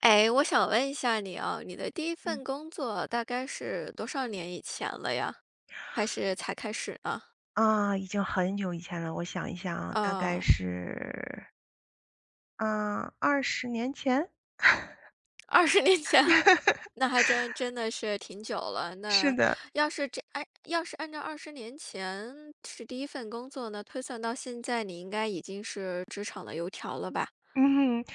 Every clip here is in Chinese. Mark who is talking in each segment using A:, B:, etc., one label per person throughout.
A: 诶，我想问一下你啊，你的第1
B: 嗯。
A: 份工作大概是多少年以前了呀？还是才开始呢？
B: 啊，已经很久以前了，我想一想啊，大概
A: 哦。
B: 是嗯，20年前？
A: 20年前，那还真 真的是挺久了，
B: 是
A: 那，
B: 的。
A: 要是这诶，要是按照20年前是第1份工作，那推算到现在，你应该已经是职场的油条了吧？
B: 嗯哼，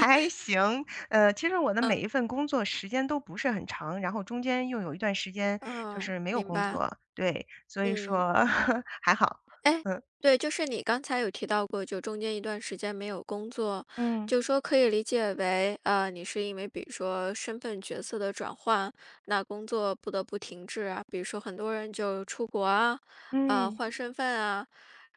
B: 还 行，呃，其实我的每一
A: 嗯。
B: 份工作时间都不是很长，然后中间又有一段时间就
A: 哦，
B: 是没有
A: 明
B: 工
A: 白。
B: 作，对，所以
A: 嗯。
B: 说 还好，
A: 诶，
B: 嗯。
A: 对，就是你刚才有提到过，就中间一段时间没有工作，
B: 嗯。
A: 就说可以理解为，啊，你是因为，比如说身份角色的转换，那工作不得不停滞啊。比如说很多人就是出国啊，啊，
B: 嗯。
A: 换身份啊，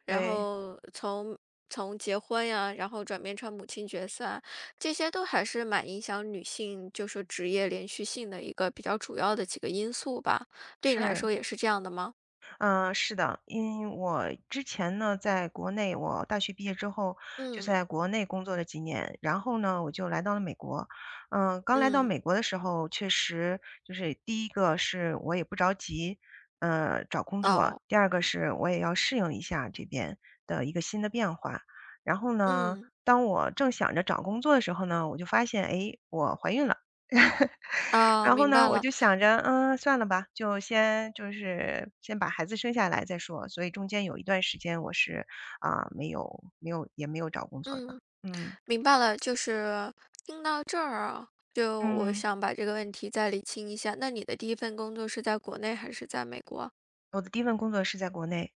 A: 然
B: 对。
A: 后从从结婚呀，然后转变成母亲角色啊，这些都还是蛮影响女性，就是职业连续性的一个比较主要的几个因素吧，对你来
B: 是。
A: 说也是这样的吗？
B: 呃，是的，因为我之前呢在国内，我大学毕业之后就
A: 嗯。
B: 在国内工作了几年，然后呢我就来到了美国。呃，刚来到
A: 嗯。
B: 美国的时候，确实，就是第一个是，我也不着急，呃，找工作，
A: 哦。
B: 第二个是我也要适应一下这边的一个新的变化。然后呢，
A: 嗯。
B: 当我正想着找工作的时候呢，我就发现，哎，我怀孕了。
A: 啊，
B: 然后
A: 明
B: 呢
A: 白
B: 我
A: 了。
B: 就想着，嗯，算了吧，就先就是先把孩子生下来再说，所以中间有一段时间我是，啊，没有没有也没有找工作的，
A: 嗯。
B: 嗯。
A: 明白了。就是，听到这儿啊，就我
B: 嗯。
A: 想把这个问题再理清一下，那你的第1份工作是在国内还是在美国？
B: 我的第1份工作是在国内。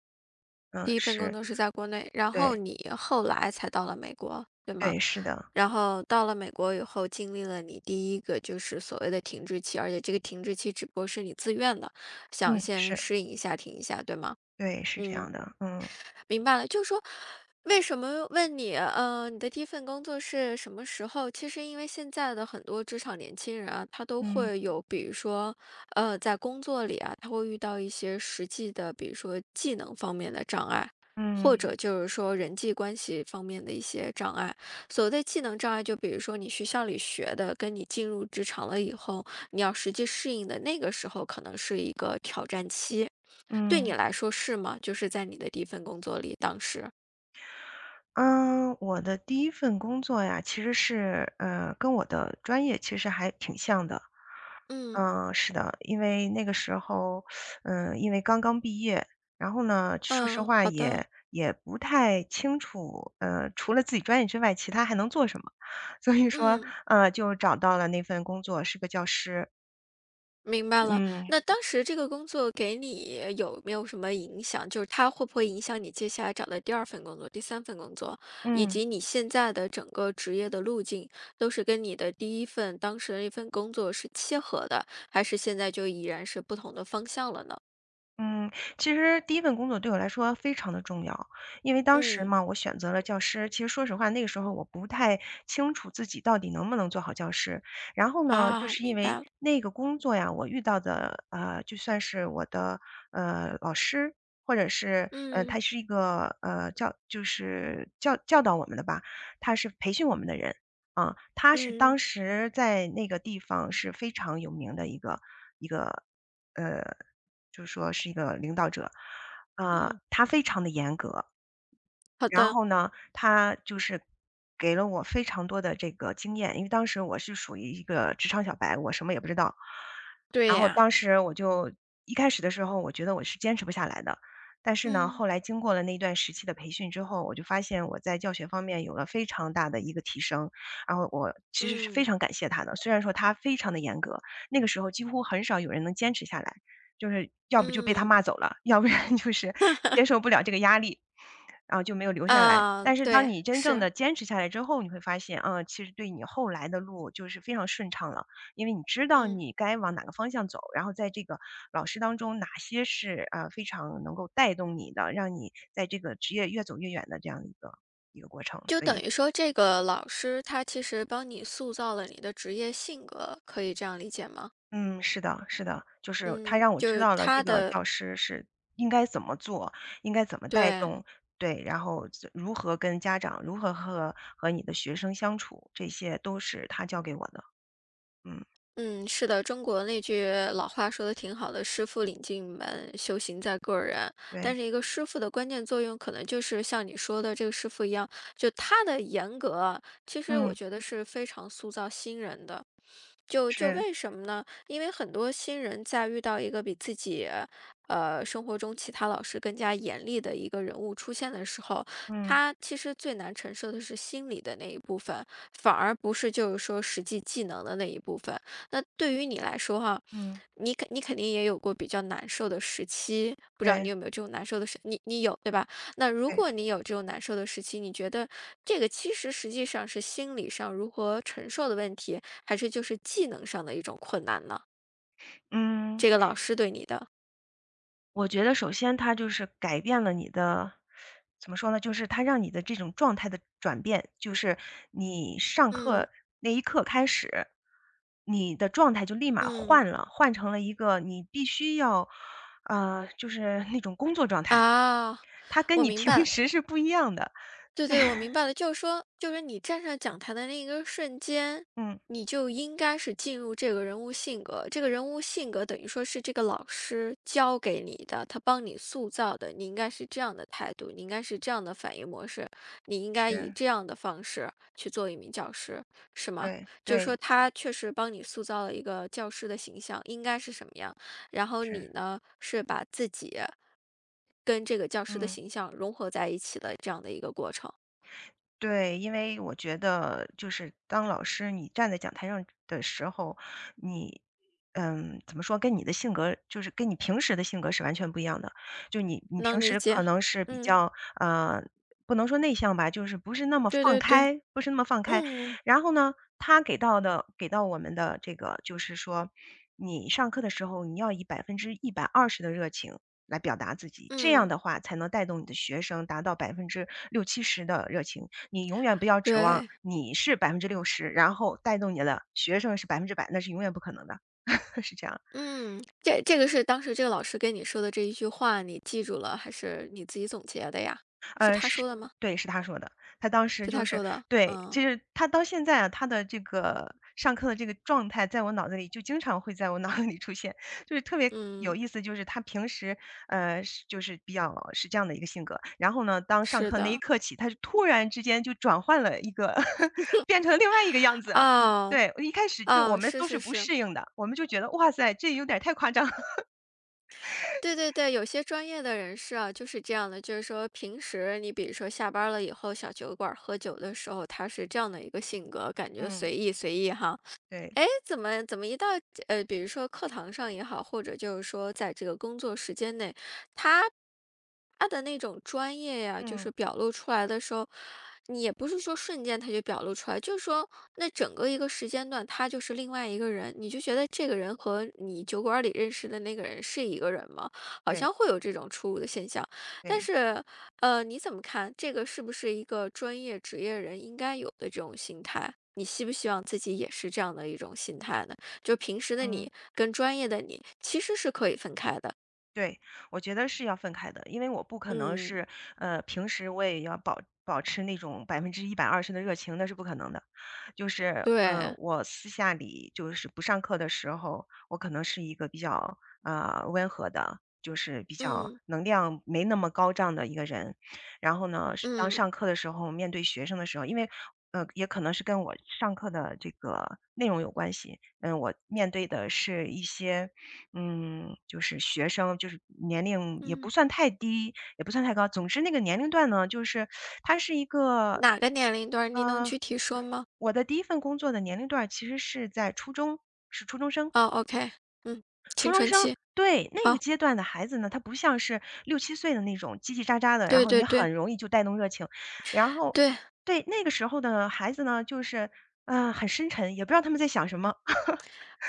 B: 嗯，
A: 第1份工
B: 是。
A: 作是在国内，然后
B: 对。
A: 你后来才到了美国，对吗？
B: 对，是的。
A: 然后到了美国以后，经历了你第1个就是所谓的停滞期，而且这个停滞期只不过是你自愿的，想
B: 嗯，
A: 先
B: 是。
A: 适应一下，停一下，对吗？
B: 对，是这
A: 嗯。
B: 样的。嗯。
A: 明白了。就说，为什么问你，呃，你的第1份工作是什么时候？其实因为现在的很多职场年轻人啊，他都
B: 嗯。
A: 会有，比如说，呃，在工作里呀，他会遇到一些实际的，比如说技能方面的障碍，或者
B: 嗯。
A: 就是说人际关系方面的一些障碍。所谓的技能障碍，就比如说你学校里学的跟你进入职场了以后，你要实际适应的那个时候可能是一个挑战期。对你
B: 嗯。
A: 来说是吗？就是在你的第1份工作里，当时。
B: 呃，我的第1份工作呀其实是，呃，跟我的专业，其实还挺像的。
A: 嗯。
B: 嗯，是的。因为那个时候，呃，因为刚刚毕业。然后呢，说实
A: 嗯，
B: 话
A: 好的。
B: 也也不太清楚，呃，除了自己专业之外，其他还能做什么。所以说，
A: 嗯。
B: 啊，就找到了那份工作，是个教师。
A: 明白了。
B: 嗯。
A: 那当时这个工作给你有没有什么影响？就是它会不会影响你接下来找的第2份工作，第3份工作？以
B: 嗯。
A: 及你现在的整个职业的路径，都是跟你的第1份当时的那份工作是契合的，还是现在就已然是不同的方向了呢？
B: 嗯，其实第1份工作对我来说非常地重要。因为当时
A: 嗯。
B: 嘛，我选择了教师，其实说实话，那个时候我不太清楚自己到底能不能做好教师。然后呢就
A: 啊，
B: 是因
A: 明白
B: 为，
A: 了。
B: 那个工作呀，我遇到的呃，就算是我的，呃，老师，或者是，呃，
A: 嗯。
B: 他是一个，呃，教就是教教导我们的吧，他是培训我们的人，嗯。他是
A: 嗯。
B: 当时在那个地方是非常有名的一个一个，呃，就说是一个领导者。啊，
A: 嗯。
B: 他非常地严格，
A: 好
B: 然
A: 的。
B: 后呢，他就是，给了我非常多的这个经验，因为当时我是属于一个职场小白，我什么也不知道。
A: 对
B: 然后
A: 呀。
B: 当时我就一开始的时候我觉得我是坚持不下来的。但是呢，
A: 嗯。
B: 后来经过了那段时期的培训之后，我就发现我在教学方面有了非常大的一个提升。然后我其实是非
A: 嗯。
B: 常感谢他的，虽然说他非常地严格。那个时候几乎很少有人能坚持下来，就是要不就被他
A: 嗯。
B: 骂走了，要不然就是 接受不了这个压力，然后就没有留下来。
A: 嗯，
B: 但是当
A: 对，
B: 你真正
A: 是。
B: 地坚持下来之后，你会发现，啊，其实对你后来的路就是非常顺畅了。因为你知道
A: 嗯。
B: 你该往哪个方向走，然后在这个老师当中哪些是，呃，非常能够带动你的，让你在这个职业越走越远的这样的一个一个过程，
A: 就
B: 所
A: 等
B: 以
A: 于说这个老师，他其实帮你塑造了你的职业性格，可以这样理解吗？
B: 嗯，是的是的。就是他
A: 嗯，
B: 让我
A: 就
B: 知
A: 是
B: 道了，这
A: 他
B: 个
A: 的
B: 教师是应该怎么做，应该怎么带
A: 对。
B: 动。对，然后就如何跟家长，如何和和你的学生相处，这些都是他教给我的。嗯。
A: 嗯，是的。中国那句老话说得挺好的，“师傅领进门，修行在个人”。
B: 对。
A: 但是一个师傅的关键作用，可能就是像你说的这个师傅一样，就他的严格，其实
B: 嗯。
A: 我觉得是非常塑造新人的。就就
B: 是。
A: 为什么呢？因为很多新人在遇到一个比自己，呃，生活中其他老师更加严厉的一个人物出现的时候，
B: 嗯。
A: 他其实最难承受的是心理的那一部分，反而不是就是说实际技能的那一部分。那对于你来说哈，
B: 嗯。
A: 你肯定你肯定也有过比较难受的时期，不知道你
B: 对。
A: 有没有这种难受的时你你有，对吧？那如
B: 对。
A: 果你有这种难受的时期，你觉得这个其实实际上是心理上如何承受的问题，还是就是技能上的一种困难呢？
B: 嗯。
A: 这个老师对你的。
B: 我觉得首先他就是改变了你的 怎么说呢，就是他让你的这种状态的转变，就是你上
A: 嗯。
B: 课那一刻开始，你的状态就立马
A: 嗯。
B: 换了，换成了一个你必须要，呃，就是那种工作状态。
A: 啊，
B: 它跟
A: 我
B: 你
A: 明白
B: 平
A: 了。
B: 时是不一样的。
A: 对对，我明 白了，就是说就是你站上讲台的那一个瞬间，
B: 嗯。
A: 你就应该是进入这个人物性格。这个人物性格等于说是这个老师教给你的，他帮你塑造的。你应该是这样的态度，你应该是这样的反应模式，你应该以
B: 是。
A: 这样的方式，去做一名教师，是吗？
B: 对，
A: 就是说
B: 对。
A: 他确实帮你塑造了一个教师的形象，应该是什么样。然后，你
B: 是。
A: 呢，是把自己，跟这个教师的
B: 嗯。
A: 形象融合在一起的这样的一个过程。
B: 对，因为我觉得就是当老师你站在讲台上的时候，你嗯，怎么说，跟你的性格就是跟你平时的性格是完全不一样的，就你你平
A: 能理
B: 时可
A: 解。
B: 能是比
A: 嗯。
B: 较，呃，不能说内向吧，就是不是那么
A: 对
B: 放
A: 对对。
B: 开不是那么放开。
A: 嗯。
B: 然后呢，他给到的给到我们的这个就是说，你上课的时候你要以120%的热情来表达自己，这样
A: 嗯。
B: 的话才能带动你的学生达到60-70%的热情，你永远不要指望
A: 对。
B: 你是60%，然后带动你的学生是100%，那是永远不可能的。是这样。
A: 嗯，这这个是当时这个老师跟你说的这一句话你记住了，还是你自己总结的呀？是
B: 呃，
A: 他
B: 是，
A: 说的吗？
B: 对，是他说的，他当时
A: 是
B: 就
A: 他
B: 是
A: 说的，
B: 对，其
A: 嗯。
B: 实他到现在啊，他的这个上课的这个状态，在我脑子里就经常会在我脑子里出现，就是特别有
A: 嗯。
B: 意思，就是他平时，呃，是就是比较是这样的一个性格，然后呢，当上
A: 是
B: 课那一
A: 的。
B: 刻起，他就突然之间就转换了一个 变成另外一个样 子，
A: 哦，
B: 对，一开始就我
A: 哦，
B: 们
A: 是
B: 都是
A: 是
B: 不
A: 是。
B: 适应的，我们就觉得，哇塞，这有点儿太夸张。
A: 对对对，有些专业的人士啊，就是这样的。就是说平时你比如说下班儿了以后，小酒馆儿喝酒的时候，他是这样的一个性格，感觉
B: 嗯。
A: 随意随意哈。
B: 对。
A: 诶，怎么怎么一到呃，比如说课堂上也好，或者就是说在这个工作时间内，他他的那种专业呀，就是
B: 嗯。
A: 表露出来的时候，你也不是说瞬间他就表露出来，就是说那整个一个时间段，他就是另外一个人，你就觉得这个人和你酒馆儿里认识的那个人是一个人吗？好
B: 对。
A: 像会有这种出入的现象。但
B: 对。
A: 是，呃，你怎么看，这个是不是一个专业职业人应该有的这种心态。你希不希望自己也是这样的一种心态呢？就平时的
B: 嗯。
A: 你跟专业的你，其实是可以分开的。
B: 对，我觉得是要分开的，因为我不可能
A: 嗯。
B: 是嗯，平时我也要保保持那种120%的热情，那是不可能的。就是，嗯，
A: 对。
B: 我私下里就是不上课的时候，我可能是一个比较，呃，温和的，就是比较
A: 嗯。
B: 能量没那么高涨的一个人。然后呢，上当
A: 嗯。
B: 上课的时候面对学生的时候，因为呃，也可能是跟我上课的这个内容有关系，嗯，我面对的是一些嗯，就是学生就是年龄也不
A: 嗯。
B: 算太低，也不算太高，总之那个年龄段呢，就是 它是一个
A: 哪个年龄段，你能
B: 呃，
A: 具体说吗？
B: 我的第1份工作的年龄段儿其实是在初中，是初中生。
A: 哦，OK，嗯，
B: 初中
A: 青
B: 生，
A: 春期，
B: 对，那个
A: 好。
B: 阶段的孩子呢，他不像是6-7岁的那种叽叽喳喳的，然
A: 对
B: 后
A: 对
B: 你
A: 对。
B: 很容易就带动热情。然后
A: 对。
B: 对，那个时候的孩子呢，就是，呃，很深沉，也不知道他们在想什么。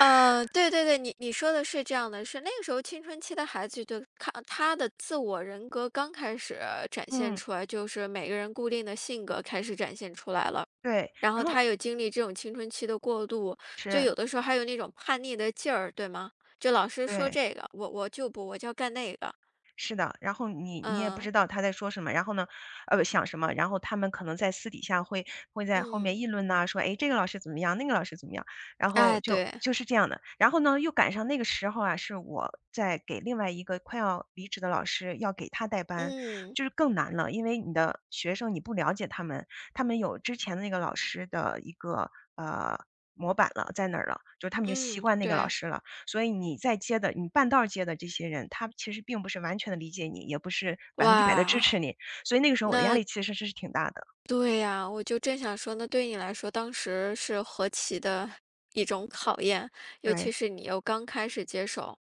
A: 呃，对对对，你你说的是这样的，是那个时候青春期的孩子都看他的自我人格刚开始展现
B: 嗯。
A: 出来，就是每个人固定的性格，开始展现出来了。
B: 对，
A: 然
B: 然
A: 后
B: 后
A: 他又经历这种青春期的过渡，就
B: 是。
A: 有的时候还有那种叛逆的劲儿，对吗？就老师说
B: 对。
A: 这个，我我就不，我就要干那个。
B: 是的，然后你你也不
A: 嗯。
B: 知道他在说什么，然后呢呃，不想什么，然后他们可能在私底下会会在后面
A: 嗯。
B: 议论呐，说，哎，这个老师怎么样，那个老师怎么样，然后
A: 哎，
B: 就
A: 对。
B: 就是这样的。然后呢又赶上那个时候呀，是我在给另外一个快要离职的老师，要给他带班，
A: 嗯。
B: 就是更难了。因为你的学生你不了解他们，他们有之前那个老师的一个，呃，模板了在那了，就他们已经习
A: 嗯，
B: 惯那个老
A: 对。
B: 师了，所以你再接的你半道儿接的这些人，他们其实并不是完全地理解你，也不是100地支
A: 哇。
B: 持你，所以那个时候我的压
A: 那
B: 力其实是挺大的。
A: 对呀，我就正想说，那对你来说当时是何其的一种考验，尤其
B: 对。
A: 是你又刚开始接手，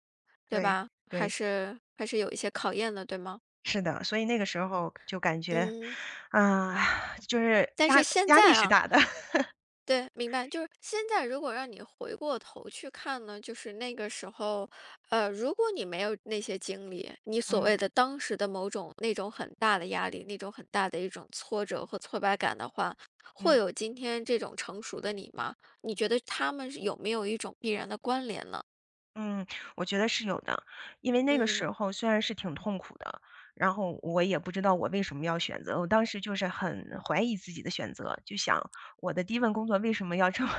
A: 对
B: 对，
A: 吧？还
B: 对。
A: 是还是有一些考验的，对吗？
B: 是的，所以那个时候就感觉，
A: 嗯。
B: 啊，就是
A: 但
B: 压
A: 是现
B: 压力
A: 在
B: 是
A: 啊
B: 大的。
A: 对，明白。就是现在如果让你回过头去看呢，就是那个时候，呃，如果你没有那些经历，你所
B: 嗯。
A: 谓的当时的某种那种很大的压力，那种很大的一种挫折和挫败感的话，会
B: 嗯。
A: 有今天这种成熟的你吗？你觉得它们有没有一种必然的关联呢？
B: 嗯，我觉得是有的。因为那个时
A: 嗯。
B: 候虽然是挺痛苦的，然后我也不知道我为什么要选择，我当时就是很怀疑自己的选择，就想我的第一份工作为什么要这么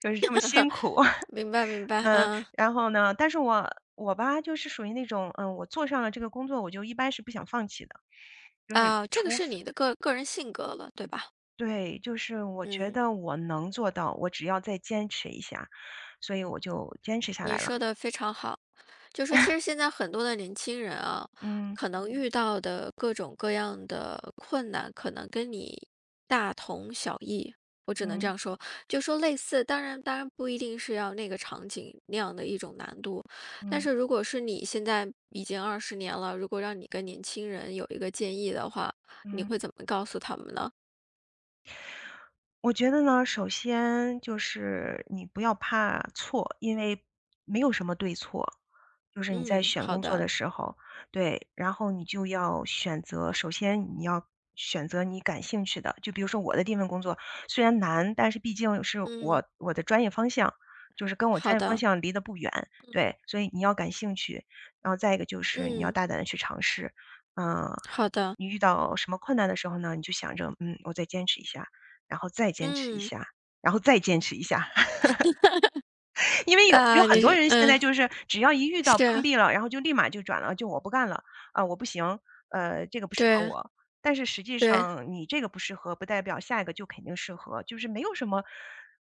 B: 就是这么辛苦。
A: 明白明 白，
B: 嗯，
A: 嗯。
B: 然后呢，但是我我吧就是属于那种，嗯，我做上了这个工作，我就一般是不想放弃的，就是
A: 哦，这个
B: 除非
A: 是你的个个人性格了，对吧？
B: 对，就是我觉
A: 嗯。
B: 得我能做到，我只要再坚持一下，所以我就坚持下
A: 你
B: 来了。
A: 说得非常好，就说其实 现在很多的年轻人啊，
B: 嗯。
A: 可能遇到的各种各样的困难可能跟你大同小异，我只能这
B: 嗯。
A: 样说。就说类似当然当然不一定是要那个场景，那样的一种难度。但
B: 嗯。
A: 是如果是你现在已经20年了，如果让你跟年轻人有一个建议的话，你
B: 嗯。
A: 会怎么告诉他们呢？
B: 我觉得呢，首先就是，你不要怕错，因为没有什么对错。就是你在
A: 嗯，
B: 选
A: 好
B: 工作
A: 的。
B: 的时候，对。然后你就要选择，首先你要选择你感兴趣的，就比如说我的第1份工作，虽然难，但是毕竟是
A: 嗯。
B: 我我的专业方向，就是跟我
A: 好
B: 专业方
A: 的。
B: 向离得不远，
A: 嗯。
B: 对。所以你要感兴趣，然后再一个就是你要
A: 嗯。
B: 大胆地去尝试。呃，
A: 好的。
B: 你遇到什么困难的时候呢，你就想着：“嗯，我再坚持一下，然后再坚持一
A: 嗯。
B: 下，然后再坚持一 下。” 因为有有
A: 啊，
B: 很
A: 你
B: 多
A: 是
B: 人现
A: 嗯。
B: 在就是只要一遇到
A: 是
B: 碰
A: 啊。
B: 壁了，然后就立马就转了，就我不干了。呃，我不行，呃，这个不适
A: 对
B: 合
A: 啊。
B: 我。但是实际
A: 对啊。
B: 上你这个不适合，不代表下一个就肯定适合，就是没有什么，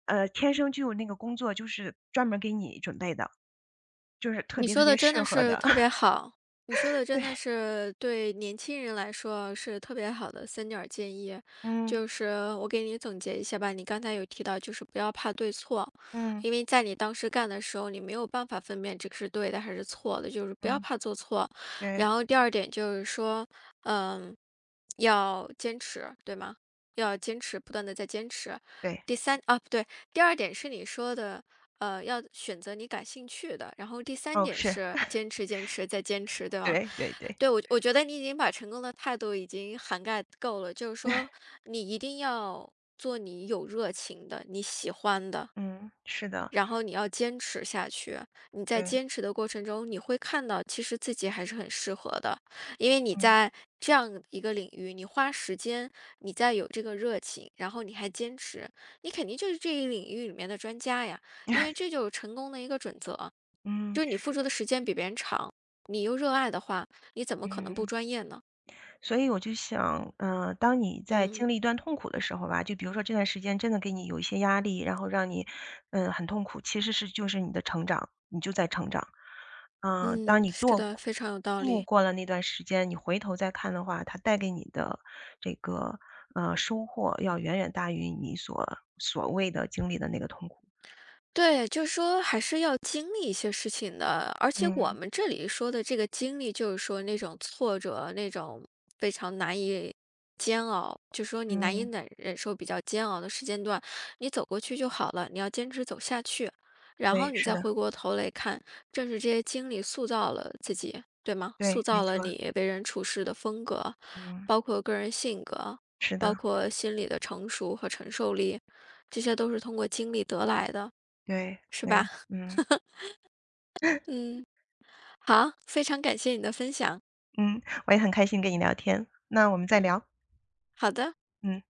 B: 呃，天
A: 嗯。
B: 生就有那个工作，就是专门儿给你准备的，就是特
A: 你
B: 别
A: 说
B: 特
A: 的
B: 别
A: 真
B: 适
A: 的
B: 合
A: 是
B: 的。
A: 特别好，你说 的真的
B: 对。
A: 是，对年轻人来说是特别好的3点儿建议。
B: 嗯。
A: 就是，我给你总结一下吧，你刚才有提到就是不要怕对错，
B: 嗯。
A: 因为在你当时干的时候，你没有办法分辨这个是对的还是错的，就是不要
B: 嗯。
A: 怕做错。
B: 对。
A: 然后第二点就是说，呃，要坚持，对吗？要坚持，不断地在坚持。
B: 对。
A: 第三，哦，不对，第二点是你说的，呃，要选择你感兴趣的，然后第三
B: 哦，
A: 点
B: 是。
A: 是，坚持坚持再坚 持，对吗？
B: 对对对。
A: 对，我觉得我觉得你已经把成功的态度已经涵盖够了。就是说，你一定要，做你有热情的、你喜欢的。
B: 嗯，是的。
A: 然后你要坚持下去，你在
B: 对。
A: 坚持的过程中你会看到其实自己还是很适合的。因为你
B: 嗯。
A: 在，这样一个领域，你花时间，你再有这个热情，然后你还坚持，你肯定就是这一领域里面的专家呀。因为 这就是成功的一个准则，
B: 嗯。
A: 就你付出的时间比别人长。你又热爱的话，你怎么可能不
B: 嗯。
A: 专业呢？
B: 所以我就想，呃，当你在经
A: 嗯。
B: 历一段痛苦的时候吧，就比如说这段时间真的给你有一些压力，然后让你，嗯，很痛苦，其实是就是你的成长，你就在成长。啊，当
A: 嗯，
B: 你
A: 是
B: 剁
A: 的，
B: 过
A: 非常有道
B: 度
A: 理。
B: 过了那段时间，你回头再看的话，它带给你的，这个，呃，收获要远远大于你所所谓的经历的那个痛苦。
A: 对，就说还是要经历一些事情的，而且我
B: 嗯。
A: 们这里说的这个经历，就是说那种挫折，那种，非常难以煎熬，就说你难以
B: 嗯。
A: 奶忍受比较煎熬的时间段，你走过去就好了，你要坚持走下去。然后
B: 对，
A: 你
B: 是
A: 再
B: 的。
A: 回过头来看，正是这些经历塑造了自己，对吗？
B: 对，
A: 塑
B: 没
A: 造了
B: 错儿。
A: 你为人处世的风格，
B: 嗯。
A: 包括个人性格，
B: 是的。
A: 包括心理的成熟和承受力，这些都是通过经历得来的。
B: 对，
A: 是吧？
B: 对，嗯。
A: 嗯，好，非常感谢你的分享。
B: 嗯，我也很开心跟你聊天，那我们再
A: 嗯。
B: 聊。
A: 好的。
B: 嗯。